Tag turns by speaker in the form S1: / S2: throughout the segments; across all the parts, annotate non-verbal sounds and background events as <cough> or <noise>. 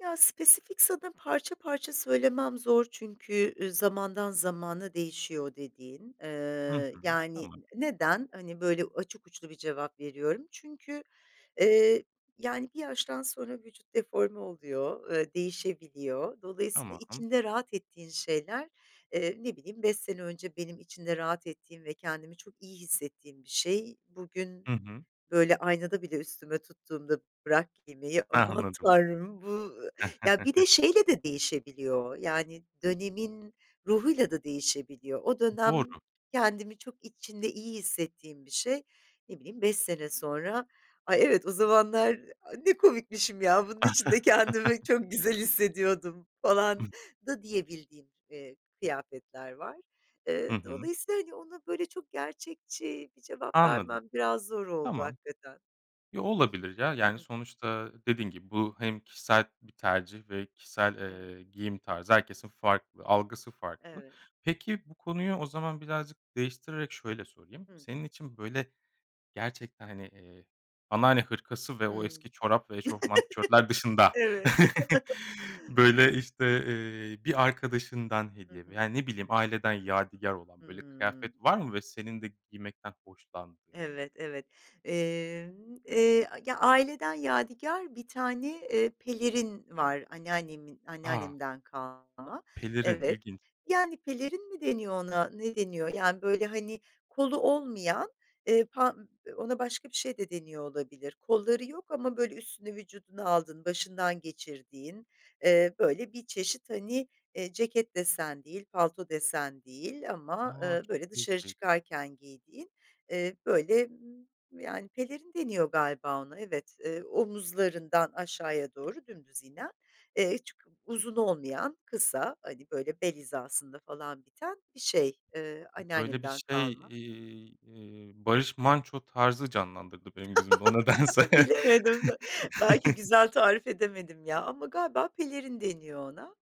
S1: Ya, spesifik sana parça parça söylemem zor çünkü, ııı, zamandan zamana değişiyor o dediğin,
S2: Hı
S1: ııı,
S2: hı.
S1: yani
S2: Tamam.
S1: ı neden hani böyle açık uçlu bir cevap veriyorum çünkü, eee, yani bir yaştan sonra vücut deforme oluyor, eee, değişebiliyor. Dolayısıyla
S2: Tamam.
S1: içinde rahat ettiğin şeyler, eee, ne bileyim 5 sene önce benim içinde rahat ettiğim ve kendimi çok iyi hissettiğim bir şey. Bugün
S2: Hı hı.
S1: böyle aynada bile üstüme tuttuğumda bırak giymeyi aman
S2: Anladım.
S1: tanrım bu ya bir de
S2: <chuckles>
S1: şeyle de değişebiliyor yani dönemin ruhuyla da değişebiliyor. O
S2: M doğru.
S1: dönem kendimi çok içinde iyi hissettiğim bir şey. Ne bileyim 5 sene sonra Ay, evet o zamanlar a ne komikmişim ya bunun içinde kendimi
S2: <giggles>
S1: çok güzel hissediyordum falan da diyebildiğim, eee, kıyafetler var.
S2: Hı
S1: Eee,
S2: hı.
S1: dolayısıyla, hani, ona böyle çok gerçekçi bir cevap
S2: Anladım.
S1: vermem biraz zor oldu
S2: Tamam.
S1: hakikaten.
S2: Yo, olabilir ya.
S1: Hı
S2: Yani,
S1: hı.
S2: sonuçta dediğin gibi bu hem kişisel bir tercih ve kişisel,
S1: Evet.
S2: eee, giyim tarzı herkesin farklı algısı farklı.
S1: Evet.
S2: Peki, bu konuyu o zaman birazcık değiştirerek şöyle sorayım.
S1: Hı.
S2: Senin için böyle gerçekten hani, eee, anneanne hırkası ve o
S1: Hıı. <chuckles>
S2: eski çorap ve eşofman tişörtler dışında
S1: Evet.
S2: <chuckles>
S1: <chuckles>
S2: böyle işte, eee, bir arkadaşından
S1: Hı
S2: hediye
S1: hı.
S2: veya ne bileyim aileden yadigâr olan böyle
S1: Hıı.
S2: kıyafet var mı ve senin de giymekten hoşlandığın?
S1: Evet, evet. Eee, eee, ya aileden yadigar bir tane, eee, pelerin var anneannemin,
S2: A.
S1: anneannemden kalma.
S2: Pelerin,
S1: Evet
S2: ilginç.
S1: yani pelerin mi deniyor ona ne deniyor yani böyle hani kolu olmayan, eee, pa ona başka bir şey de deniyor olabilir kolları yok ama böyle üstünü vücuduna aldığın başından geçirdiğin, eee, böyle bir çeşit hani, eee, ceket desen değil, palto desen değil ama,
S2: A,
S1: ııı,
S2: çok
S1: böyle dışarı
S2: değişik.
S1: çıkarken giydiğin, eee, böyle, ımm, yani pelerin deniyor galiba ona evet, eee, omuzlarından aşağıya doğru dümdüz inen, eee, çok uzun olmayan kısa, hani, böyle bel hizasında falan biten bir şey, ııı,
S2: Böyle bir
S1: anneannemden
S2: şey,
S1: kalma.
S2: eee, eee, Barış Manço tarzı canlandırdı benim gözümde o nedense.
S1: <chuckles> Bilemedim belki
S2: <chuckles>
S1: güzel tarif edemedim ya ama galiba pelerin deniyor ona,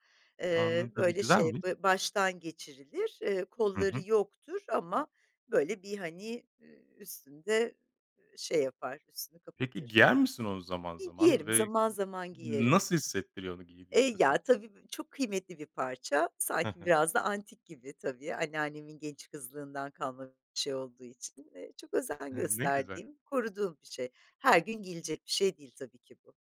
S1: eee,
S2: Anladım
S1: böyle şey
S2: güzelmiş.
S1: böyle ba baştan geçirilir, eee,
S2: Hı
S1: kolları
S2: hı.
S1: yoktur ama böyle bir hani, ııı, üstünde, ııı, şey yapar üstünü
S2: Peki,
S1: kapatır.
S2: giyer misin onu zaman
S1: Gi
S2: zaman
S1: giyerim
S2: ve
S1: zaman zaman
S2: n
S1: giyerim.
S2: nasıl hissettiriyor onu
S1: Eee,
S2: giydiğinde sana
S1: ya
S2: o?
S1: tabii b çok kıymetli bir parça
S2: Hı
S1: sanki
S2: hı.
S1: biraz da antik gibi tabii anneannemin genç kızlığından kalma bir şey olduğu için. Eee, çok özen
S2: Hıı, ne güzel.
S1: gösterdiğim, koruduğum bir şey. Her gün giyilecek bir şey değil tabii ki bu.